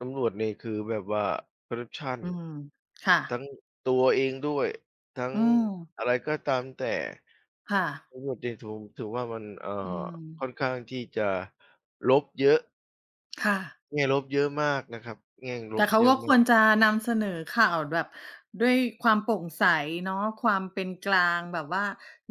ตำรวจนี่คือแบบว่าคอร์รัปชัน อืม ค่ทะ ั้งตัวเองด้วย ทั้งอืม อะไรก็ตามแต่ ค่ะ แล้วแบบ เดโถ่ว ถือว่ามัน เอ่อ อืคม ่อนข้างที่จะลบเยอะ ค่ะ แง่ลบเยอะมากนะครับ แง่งลแต่บเขาเยอกะ็มคาวรก จะนำเสนอข่าวแบบด้วยความโปร่งใสเนาะ ความเป็นกลาง แบบว่า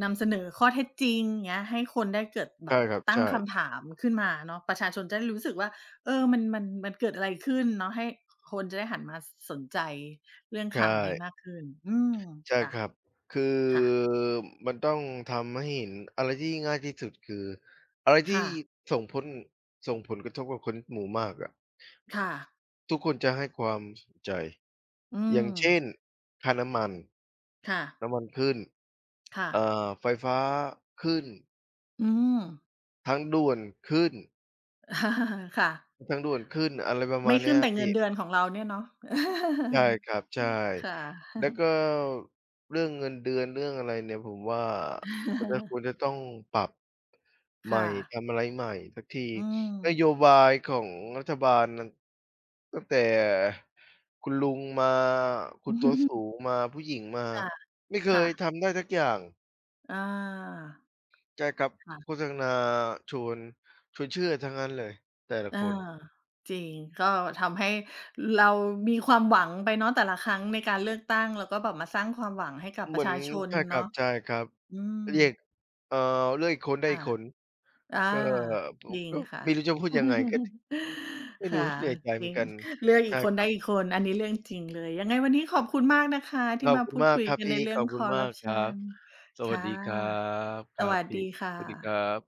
นำเสนอข้อเท็จจริง เงี้ย ให้คนได้เกิด แใชบ่บ ครับ ตใั้ชงค่ ำถามขึ้นมาเนาะ ประชาชนจะได้รู้สึกว่า เออ มัน มัน มันเกิดอะไรขึ้นเนาะ ให้คนจะได้หันมาสนใจเรื่องใชข่ ่าวนี้มากขึ้น อืม ใช่ค่ะ ครับ คือ ค่ะ มันต้องทำให้เห็น อะไรที่ง่าย ๆ ที่สุดคือ อะไรทคี่่ะ ส่งผล ส่งผลกระทบกับคนหมู่มากอะ ค่ะ ทุกคนจะให้ความสนใจ อือย่างเช่ม นค่าน้ำมัน ค่ะ น้ำมันขึ้น ค่เอ่ะ อ ไฟฟ้าขึ้น อืม ทางด่วนขึ้น ค่ะ ทางด่วนขึ้น อะไรประมไมา่ณเนขีึ้้นยแต่พเงีิ่ นเดือนของเราเนี่ยเนาะ ใช่ครับ ใช่ ค่ะ แล้วก็เรื่องเงินเดือน เรื่องอะไรเนี่ย ผมว่ามันก็ควรจะต้องปรับ ใหคม่ ่ทะ ำอะไรใหม่สักที อืนโยม บายของรัฐบาล น ตั้งแต่คุณลุงมา คุณตัวสูงมา ผู้หญิงมา ค่ะ ไม่เคค่ยะ ทำได้สักอย่าง อา ใช่ครับ ค่ะ โฆษณาชวน ชวนเชื่อทั้งนั้นเลยแต่ละอา คน จริง ก็ทำให้เรามีความหวังไปเนาะแต่ละครั้งในการเลือกตั้ง แล้วก็แบบมาสร้างความหวังให้กับเปหมรืะอชน าชนใช่คเนราะ ับ อืๆ เรียก ม เอ่อ เลือกอีกคนได้คอ่ีะ กคน อา ก็ ผจมริงก็ค่ะ ไม่รู้จะพูดยังไง ก็ ไม่ครู่้ ะ เสียใจเจหมรือินง กัน เลือกใอชีก่คนคไรด้ับ อีกคน อันนี้เรื่องจริงเลย ยังไงวันนี้ขอบคุณมากนะคะทขี่อบมาคุพณูดมาคกุยครับกันพในี่ เรื่ของอบคคุณอรม์ราักปชครัับ น สควั่สะ ดีครับ คสรัวบัสพีด่ ีค่สวัสดีครัะ บ